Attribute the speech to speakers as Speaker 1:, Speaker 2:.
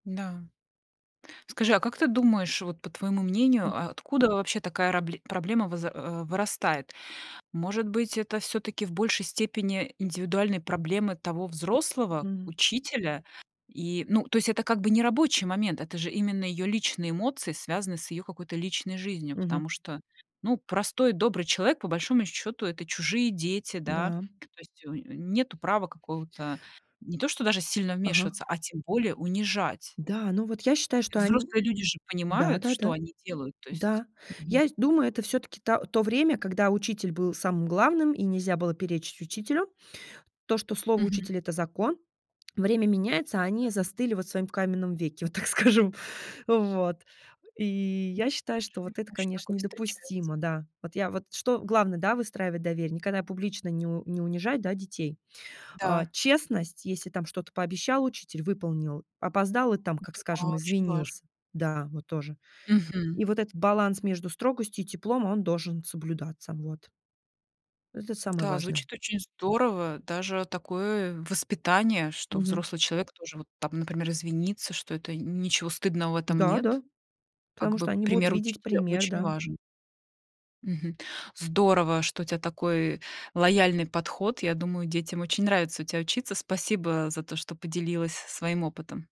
Speaker 1: Да. Скажи, а как ты думаешь, вот, по твоему
Speaker 2: М.
Speaker 1: мнению, а откуда вообще такая рабле проблема вызр э, вырастает? Может быть, это всё-таки в большей степени индивидуальные проблемы того взрослого
Speaker 2: М.
Speaker 1: учителя? И, ну, то есть это как бы не рабочий момент, это же именно её личные эмоции, связанные с её какой-то личной жизнью.
Speaker 2: Мгм.
Speaker 1: Потому что, ну, простой добрый человек, по большому счёту, это чужие дети, да,
Speaker 2: Да.
Speaker 1: то есть унё унё нету права какого-то не то что даже сильно
Speaker 2: Ага.
Speaker 1: вмешиваться, а тем более унижать.
Speaker 2: Да, ну, вот я считаю, что они,
Speaker 1: Взрослые люди же понимают, что
Speaker 2: да-да-да.
Speaker 1: они делают, то есть.
Speaker 2: Да.
Speaker 1: Мгм.
Speaker 2: Я сь думаю, это всё-таки та то время, когда учитель был самым главным и нельзя было перечить учителю. То, что слово
Speaker 1: Мгм.
Speaker 2: учителя- это закон. Время меняется, а они
Speaker 1: Да.
Speaker 2: застыли вот в своём каменном веке, вот так скажем. Вот, и я считаю, что
Speaker 1: Неужели
Speaker 2: вот это,
Speaker 1: ещё
Speaker 2: конечно,
Speaker 1: такое встречается?
Speaker 2: недопустимо, да. Вот я, вот что главное, да- выстраивать доверие, никогда публично не у не унижать, да, детей. А,
Speaker 1: Да.
Speaker 2: честность: если там что-то пообещал учитель- выполнил, опоздал- и там, как
Speaker 1: Это было
Speaker 2: скажем,
Speaker 1: очень важно.
Speaker 2: извинился, да, вот тоже.
Speaker 1: Мгм.
Speaker 2: И вот этот баланс между строгостью и теплом, он должен соблюдаться, вот. Это самое
Speaker 1: Да,
Speaker 2: важное.
Speaker 1: звучит очень здорово. Даже такое воспитание, что
Speaker 2: Мгм.
Speaker 1: взрослый человек тоже вот там, например, извинится, что это ничего стыдного в этом
Speaker 2: Да да,
Speaker 1: нет. Как
Speaker 2: потому что
Speaker 1: бы
Speaker 2: они будут
Speaker 1: пример
Speaker 2: видеть
Speaker 1: учителя
Speaker 2: пример,
Speaker 1: очень
Speaker 2: да.
Speaker 1: важен. Мгм. Здорово, что у тя такой лояльный подход. Я думаю, детям очень нравится у тя учиться. Спасибо за то, что поделилась своим опытом.